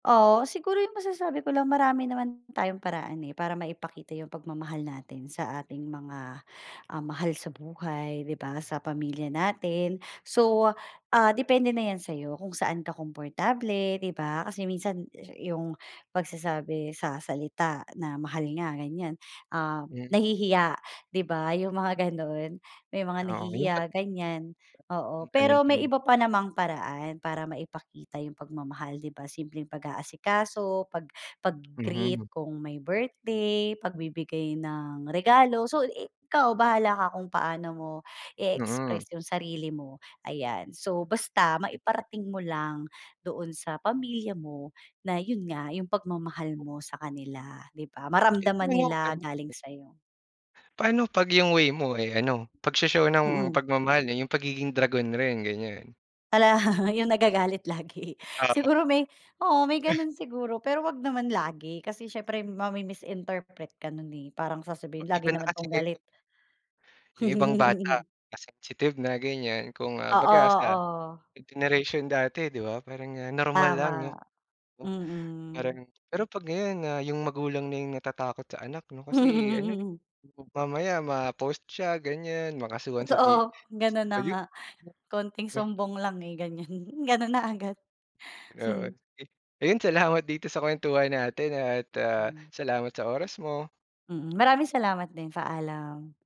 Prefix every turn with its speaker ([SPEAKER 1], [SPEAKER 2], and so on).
[SPEAKER 1] Oo, siguro yung masasabi ko lang marami naman tayong paraan, eh, para maipakita yung pagmamahal natin sa ating mga, ah, mahal sa buhay, 'di ba, sa pamilya natin. So, ah, depende na 'yan sa'yo kung saan ka komportable, 'di ba? Kasi minsan yung pagsasabi sa salita na, mahal nga, ganyan, ah,
[SPEAKER 2] Hmm.
[SPEAKER 1] nahihiya, 'di ba, yung mga gano'n. May mga
[SPEAKER 2] Oo, yung
[SPEAKER 1] nahihiya,
[SPEAKER 2] pat
[SPEAKER 1] ganyan. Oo,
[SPEAKER 2] [unintelligible] ano
[SPEAKER 1] pero may
[SPEAKER 2] yung
[SPEAKER 1] iba pa namang paraan para maipakita yung pagmamahal, 'di ba? Simpleng pag-aasikaso, pag
[SPEAKER 2] Mhm.
[SPEAKER 1] pag-gi-greet kung may birthday, pagbibigay ng regalo. So i kaw bahala ka kung paano mo
[SPEAKER 2] Mm.
[SPEAKER 1] i-express yung sarili mo. Ayan, so basta
[SPEAKER 2] Yun pa.
[SPEAKER 1] maiparating mo lang doon sa pamilya mo na yun nga yung pagmamahal
[SPEAKER 2] Ho
[SPEAKER 1] mo sa kanila, 'di ba?
[SPEAKER 2] Eh,
[SPEAKER 1] Maramdaman
[SPEAKER 2] pero,
[SPEAKER 1] nila
[SPEAKER 2] ano ito?
[SPEAKER 1] galing sa'yo.
[SPEAKER 2] Paano pag yung way mo, eh, ano, pag-sho-show ng
[SPEAKER 1] Mm.
[SPEAKER 2] pagmamahal, eh, yung pagiging dragon rin, ganyan.
[SPEAKER 1] Hala, yung nagagalit lagi.
[SPEAKER 2] Oo.
[SPEAKER 1] Siguro may oo, may gano'n siguro, pero wag naman lagi, kasi siyempre mami-misinterpret ka nun, eh. Parang
[SPEAKER 2] Ba
[SPEAKER 1] sasabihin, "Lagi
[SPEAKER 2] iba na
[SPEAKER 1] naman
[SPEAKER 2] kasi
[SPEAKER 1] 'tong galit."
[SPEAKER 2] ngayon. Yung ibang bata mas sensitive na ganyan,
[SPEAKER 1] Oo,
[SPEAKER 2] kumbaga sa
[SPEAKER 1] oo.
[SPEAKER 2] sa generation dati, 'di ba, parang, ah, normal lang no
[SPEAKER 1] Tama.
[SPEAKER 2] 'no? Parang
[SPEAKER 1] Mm.
[SPEAKER 2] pero pag ngayon na yung magulang na yung natatakot sa anak, 'no? Kasi ano, eh,
[SPEAKER 1] Mm.
[SPEAKER 2] mam mamaya ma-post siya ganyan, makasuhan sa
[SPEAKER 1] Totoo, ganun na
[SPEAKER 2] DSWD.
[SPEAKER 1] nga.
[SPEAKER 2] [unintelligible]
[SPEAKER 1] Kaunting
[SPEAKER 2] 'no?
[SPEAKER 1] sumbong lang, eh, ganyan ganun na agad.
[SPEAKER 2] [unintelligible] Oo,
[SPEAKER 1] Hmm.
[SPEAKER 2] sige. Ayun, salamat dito sa kwentuhan natin, ah, at, ah,
[SPEAKER 1] Mm.
[SPEAKER 2] salamat sa oras mo.
[SPEAKER 1] Mm, maraming salamat din. Paalam